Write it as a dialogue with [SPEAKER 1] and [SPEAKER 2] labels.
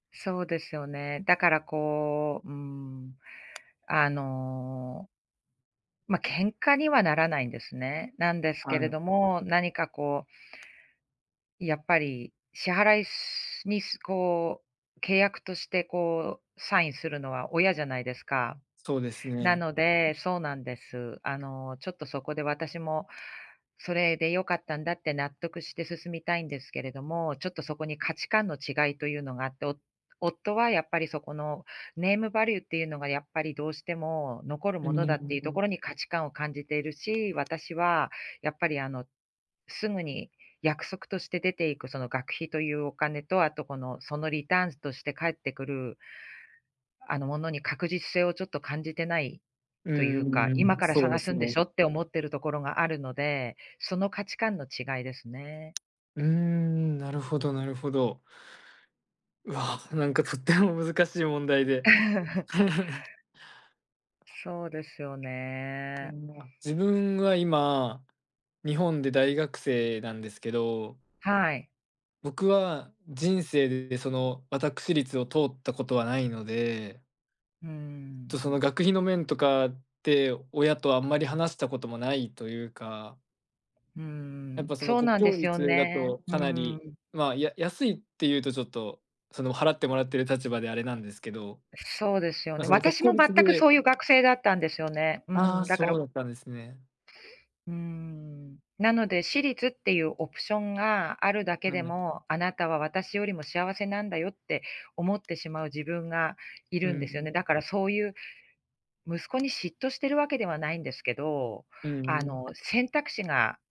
[SPEAKER 1] そうですよね。だからこう、うーん、あのま、喧嘩にはならないんですね。なんです
[SPEAKER 2] は
[SPEAKER 1] けれど
[SPEAKER 2] い。
[SPEAKER 1] も、何かこうやっぱり、支払いしに、すこう、契約として、こう、サインするのは親じゃないですか。
[SPEAKER 2] そうです
[SPEAKER 1] な
[SPEAKER 2] ね。
[SPEAKER 1] のでそうなんです。あの、ちょっとそこで私も、「それでよかったんだ」って納得して進みたいんですけれども、ちょっとそこに価値観の違いとゆうのがあって、お夫はやっぱりそこのネームバリューってゆうのがやっぱりどうしても残る
[SPEAKER 2] う、
[SPEAKER 1] も
[SPEAKER 2] んん
[SPEAKER 1] のだっていう
[SPEAKER 2] ん
[SPEAKER 1] と
[SPEAKER 2] ん。
[SPEAKER 1] ころに価値観を感じているし、私はやっぱり、あの、すぐに約束として出ていくその学費とゆうお金と、あと、この、そのリターンズとして返ってくるあの、ものに確実性をちょっと感じてない
[SPEAKER 2] うー
[SPEAKER 1] とゆう
[SPEAKER 2] ん、
[SPEAKER 1] か、
[SPEAKER 2] う
[SPEAKER 1] 「今
[SPEAKER 2] ん、
[SPEAKER 1] から
[SPEAKER 2] そうで
[SPEAKER 1] 探す
[SPEAKER 2] す
[SPEAKER 1] んで
[SPEAKER 2] ね。
[SPEAKER 1] しょ」って思ってるところがあるので、その価値観の違いですね。
[SPEAKER 2] うーん、なるほどなるほど。うわ、なんかとっても難しい問題で。
[SPEAKER 1] そうですよ
[SPEAKER 2] う
[SPEAKER 1] ね。
[SPEAKER 2] ん、まあ、自分は今、日本で大学生なんですけど
[SPEAKER 1] はい。
[SPEAKER 2] 僕は人生で、その、わたくしりつを通ったことはないので
[SPEAKER 1] うー
[SPEAKER 2] と、
[SPEAKER 1] ん。
[SPEAKER 2] その、学費の面とかって、親とあんまり話したこともないとゆうか
[SPEAKER 1] うんう
[SPEAKER 2] やっ
[SPEAKER 1] ん、
[SPEAKER 2] ぱ、その、
[SPEAKER 1] そう
[SPEAKER 2] 国
[SPEAKER 1] なんで
[SPEAKER 2] 公
[SPEAKER 1] すよ
[SPEAKER 2] 立だ
[SPEAKER 1] ね、
[SPEAKER 2] と
[SPEAKER 1] う
[SPEAKER 2] かなり、
[SPEAKER 1] ん。
[SPEAKER 2] まあ、や安いってゆうとちょっと、その、払ってもらってる立場であれなんですけど、
[SPEAKER 1] そうですよ
[SPEAKER 2] ま、
[SPEAKER 1] ね。
[SPEAKER 2] その、国
[SPEAKER 1] 私
[SPEAKER 2] 公
[SPEAKER 1] も全
[SPEAKER 2] 立
[SPEAKER 1] く
[SPEAKER 2] で
[SPEAKER 1] そうゆう学生だったんですよね。う
[SPEAKER 2] ああ、
[SPEAKER 1] ん、だから
[SPEAKER 2] そうだったんですね。
[SPEAKER 1] うーん。なので私立っていうオプションがあるだけ
[SPEAKER 2] う
[SPEAKER 1] で
[SPEAKER 2] ん。
[SPEAKER 1] も、あなたは私よりも幸せなんだよって思ってしまう自分がい
[SPEAKER 2] う
[SPEAKER 1] るんですよね。
[SPEAKER 2] ん。
[SPEAKER 1] だからそうゆう息子に嫉妬してるわけではないんですけど、
[SPEAKER 2] うん
[SPEAKER 1] あ
[SPEAKER 2] う
[SPEAKER 1] の、
[SPEAKER 2] ん。
[SPEAKER 1] 選択肢が